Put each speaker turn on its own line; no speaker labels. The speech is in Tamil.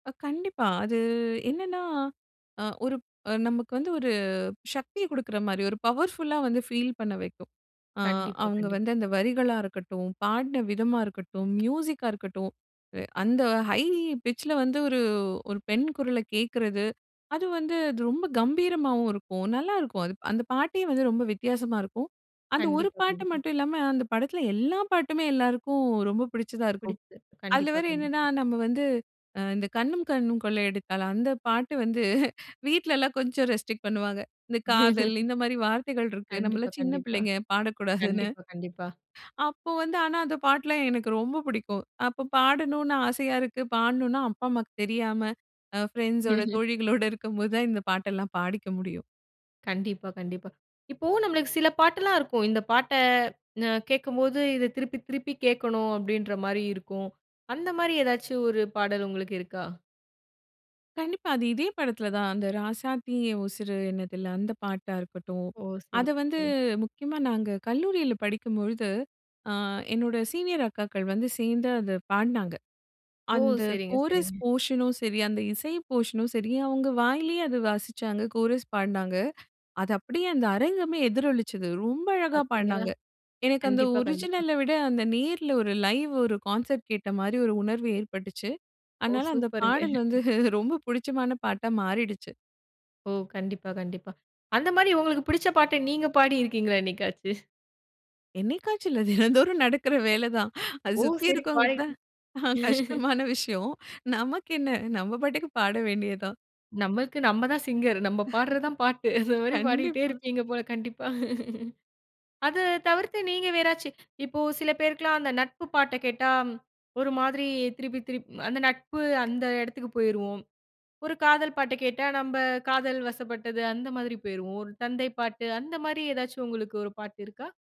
ஆ கண்டிப்பா. அது என்னன்னா, அ, ஒரு அ நமக்கு வந்து ஒரு சக்திய குடுக்குற மாரி, ஒரு பவர்ஃபுல்லா வந்து ஃபீல் பண்ண வைக்கும். அ,
கண்டிப்பா.
அவுங்க
கண்டிப்பா
வந்து அந்த வரிகளா இருக்கட்டும், பாடன விதமா இருக்கட்டும், மியூசிக்கா இருக்கட்டும், அந்த ஹை பிட்ச் ல வந்து ஒரு ஒரு பெண் குரல கேக்கறது, அது வந்து அது ரொம்ப கம்பீரமாவும் இருக்கும். நல்லா இருக்கும். அது, அந்த பாட்டே வந்து ரொம்ப வித்தியாசமா இருக்கும். அந்த ஒரு
கண்டிப்பா.
பாட்டு
கண்டிப்பா.
மட்டும் இல்லாம, அந்த படத்துல எல்லா பாட்டுமே எல்லாருக்கும் ரொம்ப பிடிச்சதா இருக்கும்.
பிடித்து.
அதுல
கண்டிப்பா.
வேற என்னன்னா
கண்டிப்பா.
நம்ம வந்து, இந்த கண்ணும் கண்ணும் கொள்ளை அடித்தால், அந்த பாட்டு வந்து, வீட்ல எல்லாம் கொஞ்சம் ரெஸ்ட்ரிக்ட் பண்ணுவாங்க. இந்த காதல், இந்த மாரி வார்த்தைகள் இருக்கு, நம்ம
கண்டிப்பா.
எல்லாம் சின்ன
கண்டிப்பா.
பிள்ளைங்க, பாடக்கூடாதுன்னு.
கண்டிப்பா. கண்டிப்பா.
அப்போ வந்து, ஆனா, அந்த பாட்டு எல்லாம் எனக்கு ரொம்ப புடிக்கும். அப்ப பாடணும்னு ஆசையா இருக்கு, பாடணும்னா அப்பா அம்மாவுக்கு தெரியாம, அ, பிரண்ட்ஸோட, தோழிகளோட இருக்கும் போது தான் இந்த பாட்டெல்லாம் பாடிக்க முடியும்.
கண்டிப்பா. கண்டிப்பா. இப்போ நம்மளுக்கு சில பாட்டெல்லாம் இருக்கும். இந்த பாட்ட அ, கேக்கும்போது, இத திருப்பி திருப்பி கேக்கணும் அப்டின்ற மாரி இருக்கும். அந்த மாரி ஏதாச்சும் ஒரு பாடல் உங்களுக்கு இருக்கா?
கண்டிப்பா. அது இதே படத்துலதான். அந்த ராசாத்தி என் உசுரு என்னதில்ல, அந்த பாட்டா இருக்கட்டும்.
ஓ! சரி.
அத வந்து
சரி.
முக்கியமா நாங்க கல்லூரில படிக்கும் பொழுது, அ, என்னோட சீனியர் அக்காக்கள் வந்து சேர்ந்து அத பாடுனாங்க.
ஓ!
அந்த
சரிங்க.
கோரஸ்
சரிங்க.
போர்ஷனு ம் சரி, அந்த இசை போர்ஷனும் சரி, அவுங்க வாயிலயே அது வாசிச்சாங்க, கோரஸ் பாடுனாங்க. அது அப்டியே அந்த அரங்கமே எதிரொலிச்சது. ரொம்ப அழகா
பாத்தீங்களா.
பாடுனாங்க. எனக்கு அந்த
கண்டிப்பா கண்டிப்பா.
ஒரிஜினல விட, அந்த நேர்ல ஒரு லைவ் ஒரு கான்செர்ட் கேட்ட மாரி ஒரு உணர்வு ஏற்பட்டுச்சு.
ஓ!
அதனால அந்த
சூப்பர்ங்க.
பாடல் வந்து ரொம்ப புடிச்சமான பாட்டா மாறிடுச்சு.
ஓ! கண்டிப்பா. கண்டிப்பா. அந்த மாரி உங்களுக்கு புடிச்ச பாட்ட நீங்க பாடி இருக்கீங்களா என்னைக்காச்சு?
என்னைக்காச்சும் இல்ல, தினம்தோறும் நடக்கிற வேலதான். அது
ஓ!
சுத்தி
சரி.
இருக்கிறவங்களுக்கு
பாடியி.
தான் கஷ்டமான விஷயம். நமக்கு என்ன, நம்ம பாட்டுக்கு பாட வேண்டியதுதான்.
நம்மக்கு நம்ம தான் சிங்கர். நம்ம பாடறது தான் பாட்டு. அந்த மாரி பாடிட்டே
கண்டிப்பா.
இருப்பீங்க போல. கண்டிப்பா. அது தவிர்த்து நீங்க வேறாச்சி, இப்போ சில பேருக்குலாம் அந்த நட்பு பாட்ட கேட்டா ஒரு மாரி திருப்பி, திருப்பி அந்த நட்பு அந்த எடத்துக்கு போயிருவோம். ஒரு காதல் பாட்ட கேட்டா நம்ப காதல் வசப்பட்டது அந்த மாதிரி போயிருவோம். ஒரு தந்தை பாட்டு அந்த மாரி ஏதாச்சும் உங்களுக்கு ஒரு பாட்டு இருக்கா?